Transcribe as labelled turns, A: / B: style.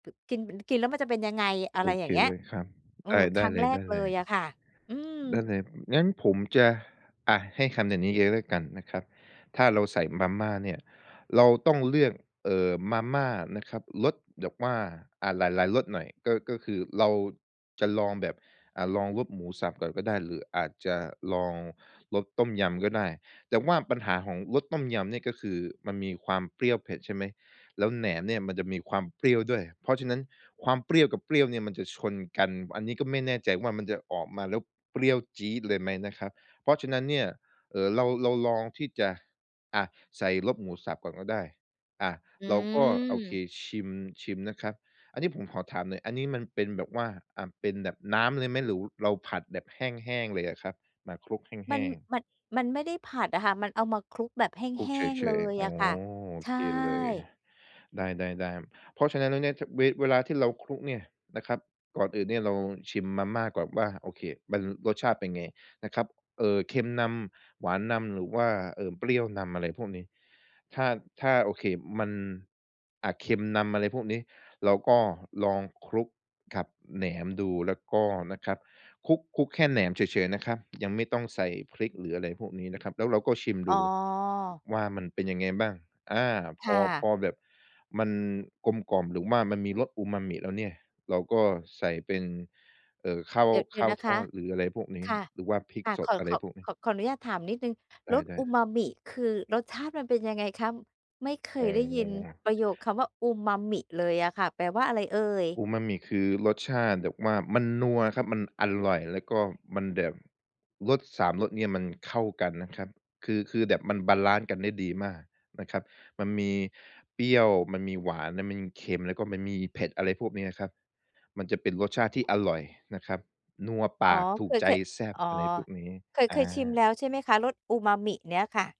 A: ก กิน กินแล้วมันจะเป็นยังไง อะ
B: โอ
A: ไรอย
B: เ
A: ่
B: ค
A: างเงี้ย
B: เลยครับ
A: อื
B: ได้
A: อ ค
B: ได
A: ร
B: ้
A: ั้ง
B: เล
A: แร
B: ย ๆ ได
A: กเลยอะค่ะ อื
B: ้
A: ม
B: เลย งั้นผมจะ อา ให้คำแบบนี้เลย แล้วกันนะครับ ถ้าเราใส่มาม่าเนี่ย เราต้องเลือก เอ่อ มาม่านะครับรสแบบว่า อา หลาย ๆ รสหน่อย ก็ ก็คือเราจะลองแบบ อ่า ลองรสหมูสับก่อนก็ได้ หรืออาจจะลองรสต้มยำก็ได้ แต่ว่าปัญหาของรสต้มยำเนี่ยก็คือมันมีความเปรี้ยวเผ็ด ใช่ไหม แล้วแหนมเนี่ยมันจะมีความเปรี้ยวด้วย เพราะฉะนั้นความเปรี้ยวกับเปรี้ยวเนี่ยมันจะชนกัน อันนี้ก็ไม่แน่ใจว่ามันจะออกมาแล้วเปรี้ยวจี๊ดเลยไหมนะครับ เพราะฉะนั้นเนี่ย เอ่อ เรา เราลองที่จะ อ่า ใส่รบหมูสับก่อนก็ได้ อ่า
A: อ
B: เราก็ โอเค
A: ืม
B: ชิม ชิมนะครับ อันนี้ผมขอถามหน่อย อันนี้มันเป็นแบบว่า อา เป็นแบบน้ำเลยไหม หรือเราผัดแบบแห้ง ๆ เลยอะครับ มาคลุกแ
A: ม
B: ห
A: ัน
B: ้ง ๆ?
A: มัน มันไม่ได้ผัดอะค่ะ มันเอามาคลุกแบบแ
B: คลุ
A: ห
B: ก
A: ้
B: เ
A: ง
B: ฉ
A: ๆ เล
B: ย
A: ย
B: ๆ อ๋
A: อ
B: อ
A: ะค่ะ
B: โอ
A: ใช
B: เคเลย
A: ่
B: ได้ ๆ ๆ เพราะฉะนั้นแล้วเนี่ย ช เว เวลาที่เราคลุกเนี่ยนะครับ ก่อนอื่นเนี่ยเราชิมมาม่าก่อนว่า โอเค มันรสชาติเป็นไงนะครับ เอ่อ เค็มนำ หวานนำ หรือว่า เอ่อ เปรี้ยวนำ อะไรพวกนี้ ถ้า ถ้า โอเค มัน อา เค็มนำ อะไรพวกนี้ เราก็ลองคลุกกับแหนมดู แล้วก็นะครับคลุก คลุกแค่แหนมเฉย ๆ นะครับ ยังไม่ต้องใส่พริก หรืออะไรพวกนี้นะครับ แล้วเราก็ชิม
A: อ๋
B: ดู
A: อ
B: ว่ามันเป็นยังไงบ้าง อา
A: ค
B: พ
A: ่
B: อ พ
A: ะ
B: อแบบมันกลมกล่อม หรือว่ามันมีรสอูมามิแล้วเนี่ย เราก็ใส่เป็น เอ่อ ข้าว
A: เดี๋ยว เด
B: ข
A: ี๋ย
B: ้
A: ว
B: าว
A: นะ
B: ท
A: ค
B: อ
A: ะ
B: ด หรืออะไรพวกนี้
A: ค่ะ
B: หรือว่าพริก
A: ค่ะ
B: ส
A: ข
B: ด
A: อ
B: อะไ
A: ข
B: ร
A: อ
B: พวกนี
A: ข
B: ้
A: อ ขออนุญาตถามนิดหนึ่ง
B: ไ
A: รส
B: ด้
A: อู
B: ๆ
A: มามิคือรสชาติมันเป็นยังไงคะ ไม่เค
B: อ๋อ
A: ยได้ยินประโยคคำว่า "อูมามิ" เลยอะค่ะ แปลว่าอะไรเอ่ย?
B: อูมามิ คือรสชาติแบบว่า มันนัวครับ มันอร่อย แล้วก็มันแบบ รส 3 รส เนี่ยมันเข้ากันนะครับ คือ คือแบบมันบาลันซ์กันได้ดีมากนะครับ มันมีเปรี้ยว มันมีหวาน มันมีเค็ม แล้วก็มันมีเผ็ด อะไรพวกนี้นะครับ มันจะเป็นรสชาติที่อร่อยนะครับ นัวป
A: อ๋อ
B: าก ถู
A: เค
B: ก
A: ย
B: ใจ
A: เคย
B: แซ่บ
A: อ๋อ
B: อะไรพวกนี้
A: เคย
B: อ
A: เคยชิมแล
B: า
A: ้วใช่ไหมคะ รสอูมามิเนี่ยค่ะ?